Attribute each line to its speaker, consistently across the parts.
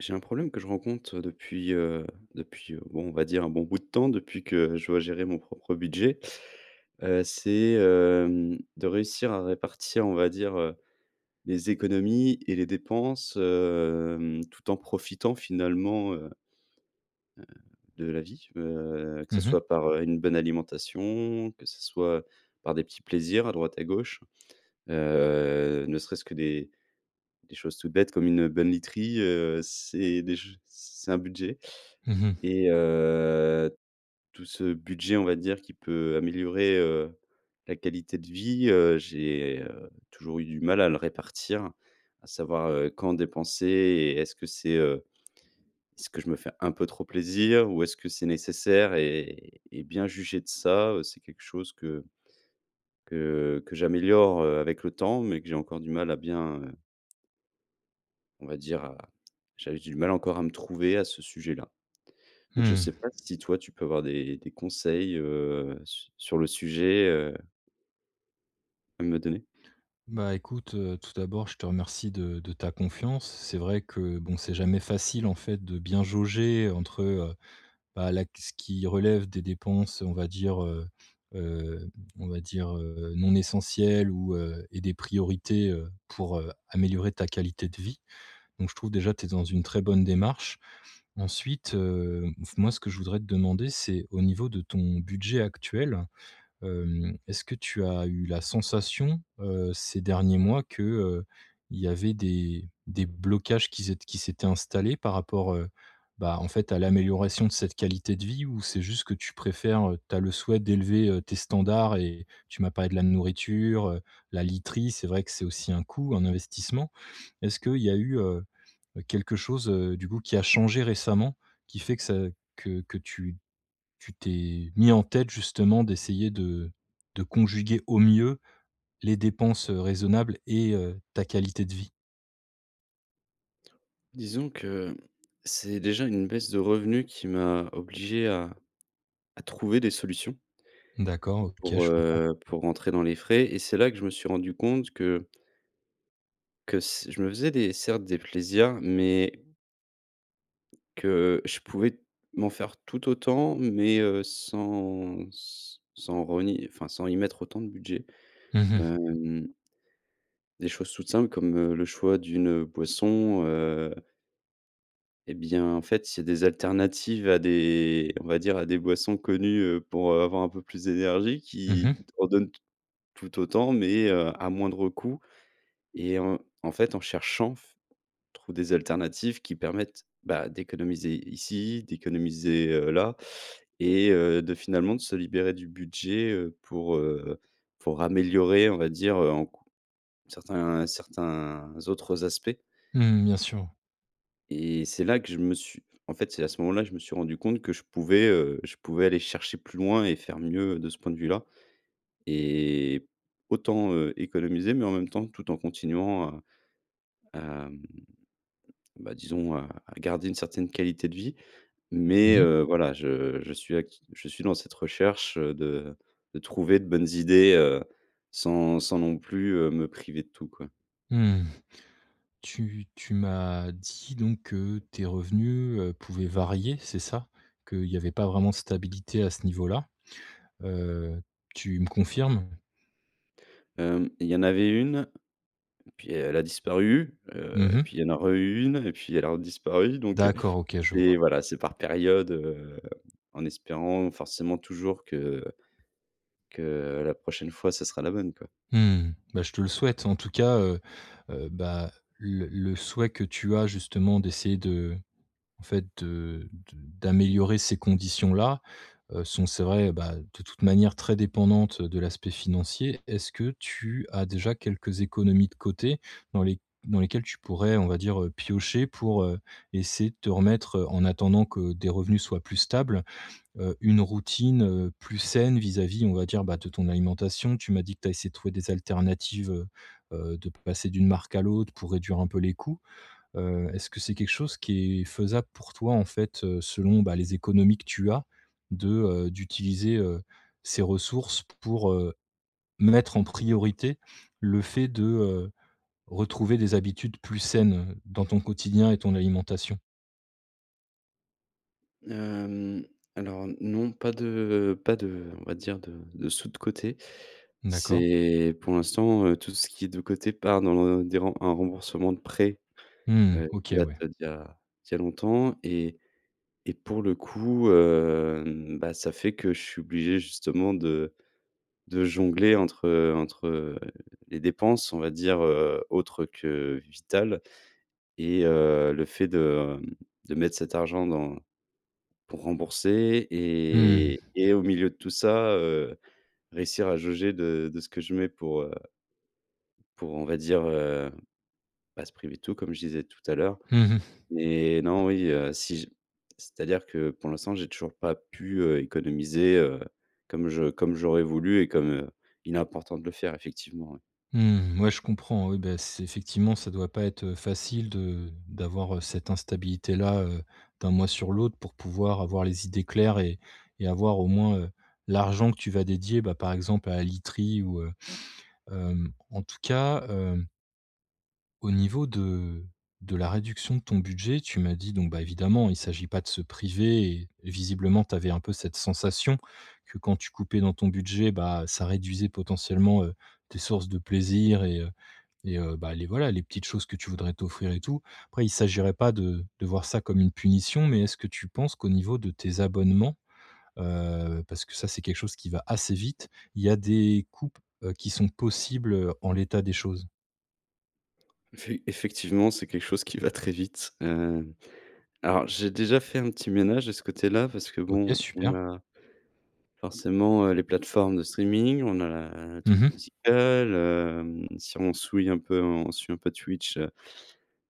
Speaker 1: J'ai un problème que je rencontre, heu, depuis heu depuis, heu, bon, on va dire, un bon bout de temps, depuis que je dois gérer mon propre budget, heu, c'est hem, de réussir à répartir on va dire, heu, les économies et les dépenses, hem, tout en profitant finalement, heu heu, de la vie, heu, que
Speaker 2: Mmh
Speaker 1: ça
Speaker 2: mh.
Speaker 1: soit par, heu, une bonne alimentation que ça soit par des petits plaisirs à droite à gauche, heu, ne serait-ce que des des choses toutes bêtes comme une bonne literie, heu, c'est déj c'est un budget.
Speaker 2: Mmh mh.
Speaker 1: Et heu, tout ce budget, on va dire, qui peut améliorer, heu, la qualité de vie, heu, j'ai, heu, toujours eu du mal à le répartir, à savoir, heu, quand dépenser et est-ce que c'est heu, est-ce que je me fais un peu trop plaisir? Ou est-ce que c'est nécessaire? Et et bien juger de ça, heu, c'est quelque chose que que que j'améliore, heu, avec le temps, mais que j'ai encore du mal à bien, heu on va dire à j'avais du mal encore à me trouver à ce sujet-là. Donc je sais
Speaker 2: Mmh.
Speaker 1: pas si toi, tu peux avoir des des conseils, heu, su sur le sujet, heu à me donner?
Speaker 2: Bah, écoute, heu, tout d'abord je te remercie de de ta confiance. C'est vrai que bon c'est jamais facile en fait, de bien jauger entre, heu, bah, là ce qui relève des dépenses on va dire, heu heu, on va dire, heu, non essentielles, ou heu et des priorités, heu, pour heu, améliorer ta qualité de vie. Donc je trouve déjà que tu es dans une très bonne démarche. Ensuite, heu f moi ce que je voudrais te demander c'est au niveau de ton budget actuel, hem, est-ce que tu as eu la sensation, heu, ces derniers mois que, heu, il y avait des, des blocages qui z ét qui s'étaient installés par rapport, heu, bah, en fait à l'amélioration de cette qualité de vie? Ou c'est juste que tu préfères heu, tu as le souhait d'élever, heu, tes standards et tu m'as parlé de la nourriture, heu, la literie c'est vrai que c'est aussi un coût, un investissement. Est-ce qu'il y a eu, heu, quelque chose, heu, du coup qui a changé récemment qui fait que ça que que tu tu t'es mis en tête justement d'essayer de de conjuguer au mieux les dépenses, heu, raisonnables et heu, ta qualité de vie?
Speaker 1: Disons que c'est déjà une baisse de revenus qui m'a obligé à à trouver des solutions
Speaker 2: D'accord, OK,
Speaker 1: pour,
Speaker 2: je comprends.
Speaker 1: heu, pour rentrer dans les frais, et c'est là que je me suis rendu compte que que s je me faisais des, certes, des plaisirs, mais que je pouvais m'en faire tout autant, mais, heu, sans s sans renier, enfin sans y mettre autant de budget,
Speaker 2: Mmh mh.
Speaker 1: hem des choses toutes simples comme, heu, le choix d'une, heu, boisson, heu et bien, en fait, c'est des alternatives à des, on va dire, à des boissons connues, heu, pour heu, avoir un peu plus d'énergie,
Speaker 2: Mmh
Speaker 1: qui
Speaker 2: mh.
Speaker 1: en donnent t tout autant, mais, heu, à moindre coût. Et en en fait, en cherchant f on trouve des alternatives qui permettent, bah, d'économiser ici, d'économiser, heu, là et heu, de, finalement, de se libérer du budget, heu, pour, heu, pour améliorer, on va dire, heu, en cou certains certains autres aspects
Speaker 2: Mmh, bien sûr.
Speaker 1: et c'est là que je me suis en fait, c'est à ce moment-là, je me suis rendu compte que je pouvais, heu, je pouvais aller chercher plus loin et faire mieux de ce point de vue-là et autant, heu, économiser, mais en même temps tout en continuant à à, mmh, bah, disons, à à garder une certaine qualité de vie. Mais,
Speaker 2: Mmh mh.
Speaker 1: heu, voilà, je je suis act je suis dans cette recherche, heu, de de trouver de bonnes idées, heu, sans sans non plus, heu, me priver de tout, quoi.
Speaker 2: Mmh, tu tu m'as dit donc, heu, tes revenus, heu, pouvaient varier, c'est ça? Qu'il y avait pas vraiment stabilité à ce niveau-là. Heu, tu me confirmes?
Speaker 1: Hem, il y en avait une, puis elle a disparu, heu,
Speaker 2: Mmh, mh.
Speaker 1: puis il y en a re eu une et puis elle a disparu, donc, heu,
Speaker 2: D'accord, OK, je vois.
Speaker 1: c'est, voilà, c'est par période, heu, en espérant forcément toujours que que la prochaine fois, ce sera la bonne quoi.
Speaker 2: Mmh, bah, je te le souhaite en tout cas, heu heu, bah, le le souhait que tu as justement d'essayer de, en fait, de de d'améliorer ces conditions-là, heu, sont c'est vrai, bah, de toute manière très dépendante de l'aspect financier. Est-ce que tu as déjà quelques économies de côté dans les dans lesquelles tu pourrais, on va dire, heu, piocher pour, heu, essayer de te remettre, heu, en attendant que des revenus soient plus stables, heu, une routine, heu, plus saine vis-à-vis, on va dire, bah, de ton alimentation? Tu m'as dit que tu as essayé de trouver des alternatives, heu heu, de passer d'une marque à l'autre pour réduire un peu les coûts. Heu, est-ce que c'est quelque chose qui est faisable pour toi, en fait, heu, selon, bah les économies que tu as de, heu, d'utiliser, heu, ces ressources pour, heu, mettre en priorité le fait de, heu, retrouver des habitudes plus saines, heu, dans ton quotidien et ton alimentation?
Speaker 1: Hem, alors non pas de pas de on va dire de de sous de côté.
Speaker 2: D'accord.
Speaker 1: C'est pour l'instant, heu, tout ce qui est de côté part dans le des rem un remboursement de prêt,
Speaker 2: Mmh
Speaker 1: heu, qui
Speaker 2: OK
Speaker 1: date
Speaker 2: ouais.
Speaker 1: d'il y a d'il y a longtemps et et pour le coup, heu, mmh, bah, ça fait que je suis obligé justement de de jongler entre, heu entre, heu, les dépenses on va dire, heu, autre que vitales et heu, le fait de, hem, de mettre cet argent dans pour rembourser et
Speaker 2: Mmh.
Speaker 1: et au milieu de tout ça, heu, réussir à jauger de de ce que je mets pour, heu pour on va dire, heu, pas se priver de tout comme je disais tout à l'heure
Speaker 2: Mmh mh.
Speaker 1: et non, oui, heu, si je c'est-à-dire que, pour l'instant, j'ai toujours pas pu, heu, économiser, heu, comme je comme j'aurais voulu et comme, heu, il est important de le faire effectivement, oui.
Speaker 2: Mmh, ouais je comprends, oui, bah, c'est effectivement, ça doit pas être, heu, facile de d'avoir, heu, cette instabilité là, heu, d'un mois sur l'autre pour pouvoir avoir les idées claires et et avoir au moins, heu, l'argent que tu vas dédier, bah, par exemple à la literie ou, heu, hem, en tout cas, hem au niveau de de la réduction de ton budget, tu m'as dit, donc bah, évidemment il s'agit pas de se priver et et visiblement, tu avais un peu cette sensation, que quand tu coupais dans ton budget, bah, ça réduisait potentiellement, heu, tes sources de plaisir et heu et heu, bah, les, voilà les petites choses que tu voudrais t'offrir et tout. Après il s'agirait pas de de voir ça comme une punition, mais est-ce que tu penses qu'au niveau de tes abonnements, heu, parce que ça c'est quelque chose qui va assez vite, il y a des coupes, heu, qui sont possibles, heu, en l'état des choses?
Speaker 1: Effe effectivement, c'est quelque chose qui va très vite. Hem, alors j'ai déjà fait un petit ménage de ce côté-là parce que
Speaker 2: OK
Speaker 1: bon, on
Speaker 2: super.
Speaker 1: a forcément, heu, les plateformes de streaming, on a la a la
Speaker 2: Mmh
Speaker 1: truc
Speaker 2: mh.
Speaker 1: musicale, hem. Si on souille un peu en on suit un peu Twitch, heu,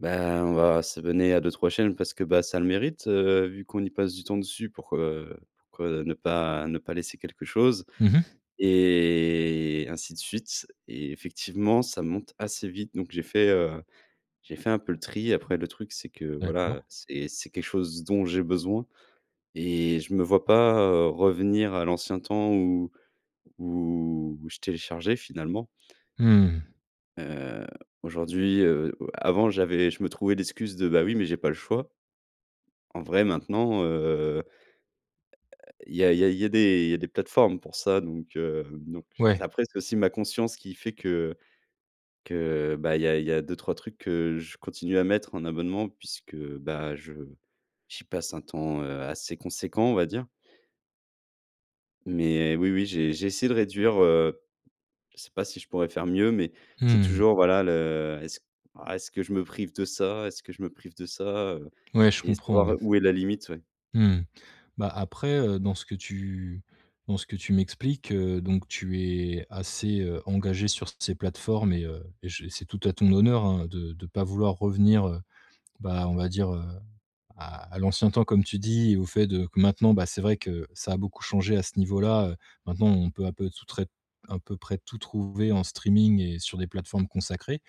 Speaker 1: bah, on va s'abonner à 2-3 chaînes parce que bah ça le mérite, heu, vu qu'on y passe du temps dessus pourquoi, heu, pourquoi, heu, ne pas ne pas laisser quelque chose
Speaker 2: Mmh mh.
Speaker 1: et ainsi de suite et effectivement ça monte assez vite donc j'ai fait, heu, j'ai fait un peu le tri. Après le truc c'est que voilà,
Speaker 2: D'accord.
Speaker 1: heu, c'est c'est quelque chose dont j'ai besoin et je me vois pas, heu, revenir à l'ancien temps où où je téléchargeais finalement
Speaker 2: Mmh.
Speaker 1: heu, aujourd'hui, heu heu, avant j'avais je me trouvais l'excuse de «Bah, oui, mais j'ai pas le choix». En vrai, maintenant, heu heu, il y a il y a il y a des il y a des plateformes pour ça. Donc heu, donc c
Speaker 2: Ouais.
Speaker 1: après, c'est aussi ma conscience qui fait que que bah il y a il y a 2-3 trucs que je continue à mettre en abonnement puisque, bah, je j'y passe un temps, heu, assez conséquent, on va dire. Mais oui, oui, j'ai j'ai essayé de réduire, heu, je sais pas si je pourrais faire mieux, mais c'est
Speaker 2: Mmh mh.
Speaker 1: toujours, voilà, le: «Est-ce ah, est-ce que je me prive de ça? Est-ce que je me prive de ça?» heu,
Speaker 2: Ouais, je
Speaker 1: et
Speaker 2: comprends, oui.
Speaker 1: savoir où est la limite, ouais.
Speaker 2: Mmh. Bah, après, heu, dans ce que tu dans ce que tu m'expliques, heu, donc tu es assez, heu, engagé sur ces plateformes et heu, je c'est tout à ton honneur, hein, de de pas vouloir revenir, heu, bah, on va dire: «Heu, à à l'ancien temps» comme tu dis et au fait de que maintenant, bah, c'est vrai que ça a beaucoup changé à ce niveau-là, heu. Maintenant, on peut à peu tout tré un peu près tout trouver en streaming et sur des plateformes consacrées.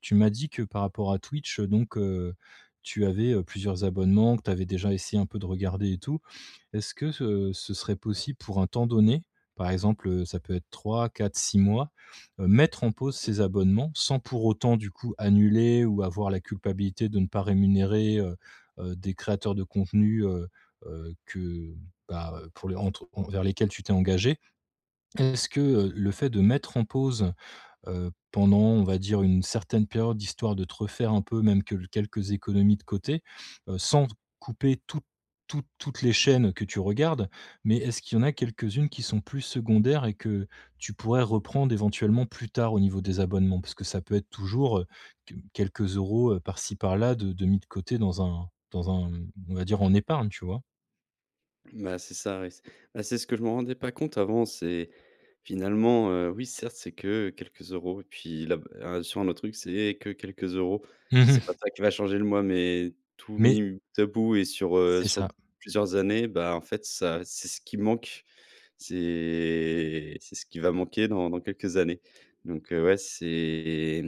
Speaker 2: Tu m'as dit que par rapport à Twitch, heu, donc heu, tu avais, heu, plusieurs abonnements que tu avais déjà essayé un peu de regarder et tout. Est-ce que ce ce serait possible, pour un temps donné, par exemple, heu, ça peut être 3-4-6 mois, heu, mettre en pause ces abonnements? Sans pour autant, du coup, annuler ou avoir la culpabilité de ne pas rémunérer, heu heu, des créateurs de contenu, heu heu, que bah, pour les entre envers lesquels tu t'es engagé. Est-ce que, heu, le fait de mettre en pause, heu, pendant, on va dire, une certaine période, histoire de te refaire un peu, même que quelques économies de côté? Sans couper toutes toutes toutes les chaînes que tu regardes, mais est-ce qu'il y en a quelques-unes qui sont plus secondaires et que tu pourrais reprendre éventuellement plus tard au niveau des abonnements? Parce que ça peut être toujours, heu, q quelques euros, heu, par-ci par-là de de mis de côté dans un dans un on va dire: «En épargne» tu vois?
Speaker 1: Bah, c'est ça, ouais. C bah, c'est ce que je me rendais pas compte avant, c'est, finalement, heu, oui, certes, c'est que quelques euros et puis la, bah, un sur un autre truc, c'est que quelques euros.
Speaker 2: Mmh
Speaker 1: C'est pas
Speaker 2: mh.
Speaker 1: ça qui va changer le mois, mais tout
Speaker 2: Mais
Speaker 1: mis m bout à bout et sur, heu,
Speaker 2: C'est
Speaker 1: sur
Speaker 2: ça.
Speaker 1: d plusieurs années, bah, en fait ça, c'est ce qui manque. C'est c'est ce qui va manquer dans dans quelques années, donc heu, ouais, c'est,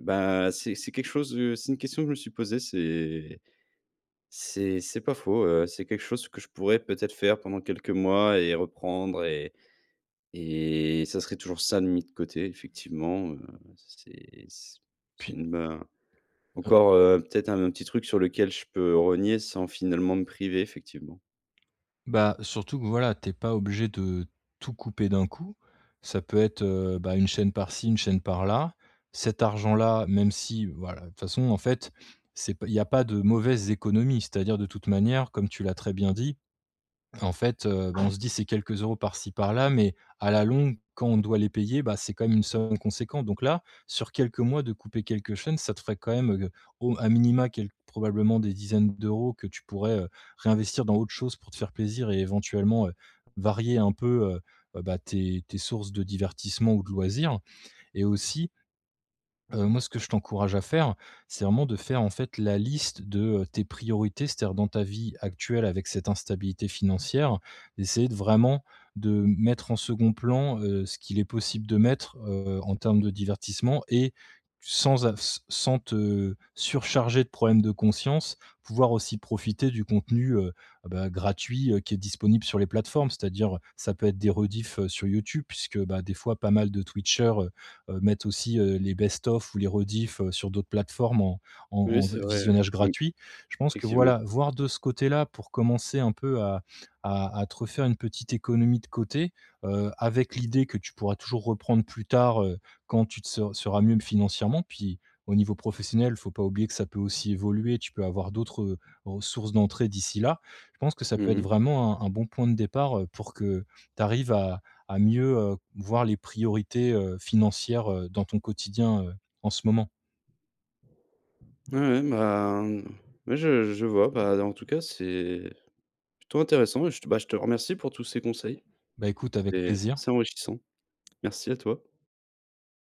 Speaker 1: bah, c'est c'est quelque chose, heu, c'est 1 question que je me suis posée. C'est c'est c'est pas faux, heu, c'est quelque chose que je pourrais peut-être faire pendant quelques mois et heu, reprendre, et et ça serait toujours ça de mis de côté, effectivement, heu., c'est s c'est
Speaker 2: Puis
Speaker 1: une bah,
Speaker 2: Heu
Speaker 1: encore, heu, peut-être 1 autre petit truc sur lequel je peux rogner sans, finalement, me priver, effectivement.
Speaker 2: Bah, surtout que voilà, tu es pas obligé de tout couper d'un coup. Ça peut être, heu, bah, 1 chaîne par ci 1 chaîne par là. Cet argent-là, même si voilà, de toute façon, en fait, c'est p il y a pas de mauvaises économies. C'est-à-dire de toute manière, comme tu l'as très bien dit, en fait, heu, bah, on se dit: «C'est quelques euros par-ci par-là, mais à la longue, quand on doit les payer, bah, c'est quand même une somme conséquente» donc là, sur quelques mois de couper quelques chaînes, ça te ferait quand même, heu, au m à minima quel probablement des dizaines d'euros que tu pourrais, heu, réinvestir dans autre chose pour te faire plaisir et éventuellement, heu, varier un peu, heu, bah, tes tes sources de divertissement ou de loisirs et aussi heu, moi ce que je t'encourage à faire, c'est vraiment de faire, en fait la liste de, heu, tes priorités. C'est-à-dire dans ta vie actuelle avec cette instabilité financière, d'essayer de vraiment, de m mettre en 2d plan, heu, ce qu'il est possible de mettre, heu, en termes de divertissement et sans av s sans te surcharger de problèmes de conscience. Pouvoir aussi profiter du contenu, heu, bah, gratuit, heu, qui est disponible sur les plateformes. C'est-à-dire, heu, ça peut être des rediffs, heu, sur YouTube puisque, bah, des fois pas mal de Twitcher, heu heu, mettent aussi, heu, les best of ou les rediffs, heu, sur d'autres plateformes en en en
Speaker 1: Oui
Speaker 2: en vi
Speaker 1: c'est vrai,
Speaker 2: visionnage
Speaker 1: oui. Mmh.
Speaker 2: gratuit. Je pense que voilà,
Speaker 1: Effectivement.
Speaker 2: voir de ce côté-là pour commencer un peu à à à te refaire une petite économie de côté. Heu, avec l'idée que tu pourras toujours reprendre plus tard, heu, quand tu te ser seras mieux financièrement. Puis, au niveau professionnel, il faut pas oublier que ça peut aussi évoluer. Tu peux avoir d'autres, heu, ressources d'entrée d'ici là. Je pense que ça
Speaker 1: Mmh
Speaker 2: peut être
Speaker 1: mh.
Speaker 2: vraiment un un bon point de départ, heu, pour que tu arrives à à mieux, heu, voir les priorités, heu, financières, heu, dans ton quotidien, heu, en ce moment.
Speaker 1: Ouais, ouais. Bah, mmh, ouais, je je vois, bah, en tout cas, c'est plutôt intéressant, et je te bah, je te remercie pour tous ces conseils.
Speaker 2: Bah écoute, avec
Speaker 1: C'est
Speaker 2: plaisir.
Speaker 1: c'est enrichissant. Merci à toi.